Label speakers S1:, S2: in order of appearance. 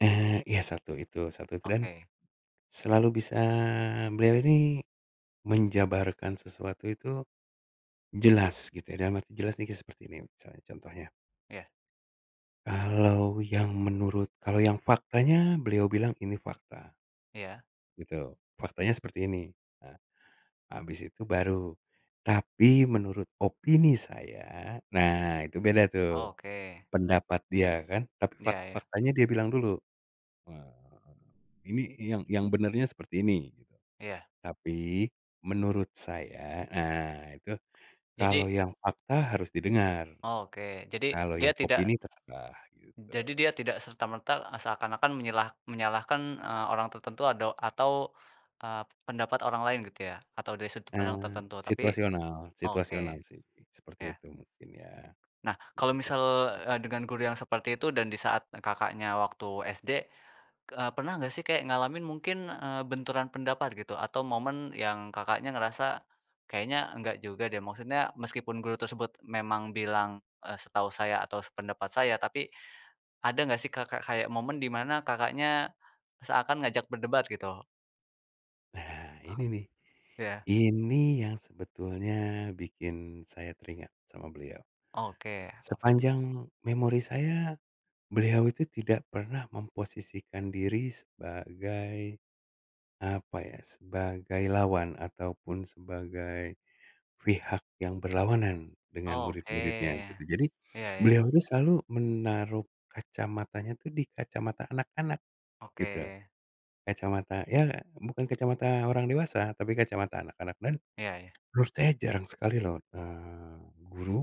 S1: Eee, ya satu itu satu itu, dan
S2: Oke.
S1: selalu bisa beliau ini menjabarkan sesuatu itu, jelas gitu, dalam arti jelas ini ke seperti ini misalnya, contohnya.
S2: Iya.
S1: Kalau yang menurut kalau yang faktanya, beliau bilang ini fakta.
S2: Iya.
S1: Gitu, faktanya seperti ini. Nah, habis itu baru, "Tapi menurut opini saya." Nah, itu beda tuh,
S2: Oke.
S1: pendapat dia kan, tapi
S2: Iya
S1: fak
S2: iya.
S1: faktanya dia bilang dulu. Eee, "Ini yang yang benarnya seperti ini," gitu.
S2: Iya.
S1: "Tapi, menurut saya," nah itu,
S2: Jadi
S1: kalau yang fakta harus didengar,
S2: Oke, jadi,
S1: kalau
S2: dia
S1: yang
S2: tidak
S1: opini terserah, gitu.
S2: jadi dia tidak serta merta, e seakan-akan menyelah menyalahkan, eee, orang tertentu ado atau, eee, pendapat orang lain gitu ya, atau dari sudut pandang
S1: Eee,
S2: tertentu. Tapi
S1: situasional
S2: oke.
S1: situasional sih, seperti
S2: Iya.
S1: itu mungkin ya.
S2: Nah, kalau
S1: Begitu.
S2: misal, e dengan guru yang seperti itu dan disaat e Kakaknya waktu SD, e pernah enggak sih kayak ngalamin mungkin, eee, benturan pendapat gitu atau momen yang Kakaknya ngerasa, "Kayaknya enggak juga deh," maksudnya meskipun guru tersebut memang bilang, e "Setahu saya atau sependapat saya." Tapi, ada nggak sih, Kakak, kayak momen dimana Kakaknya seakan ngajak berdebat gitu?
S1: Nah, ini nih,
S2: Iya.
S1: ini yang sebetulnya bikin saya teringat sama beliau.
S2: Oke. Apa itu?
S1: Sepanjang memori saya, beliau itu tidak pernah memposisikan diri sebagai, apa ya, sebagai lawan ataupun sebagai pihak yang berlawanan dengan
S2: Oke.
S1: murid-muridnya, gitu. Jadi,
S2: Iya iya.
S1: beliau itu selalu menaruh kacamatanya itu, di kacamata anak-anak, gitu.
S2: Oke.
S1: Kacamata, ya bukan kacamata orang dewasa, tapi kacamata anak-anak, dan
S2: Iya iya.
S1: menurut saya jarang sekali loh, eee, guru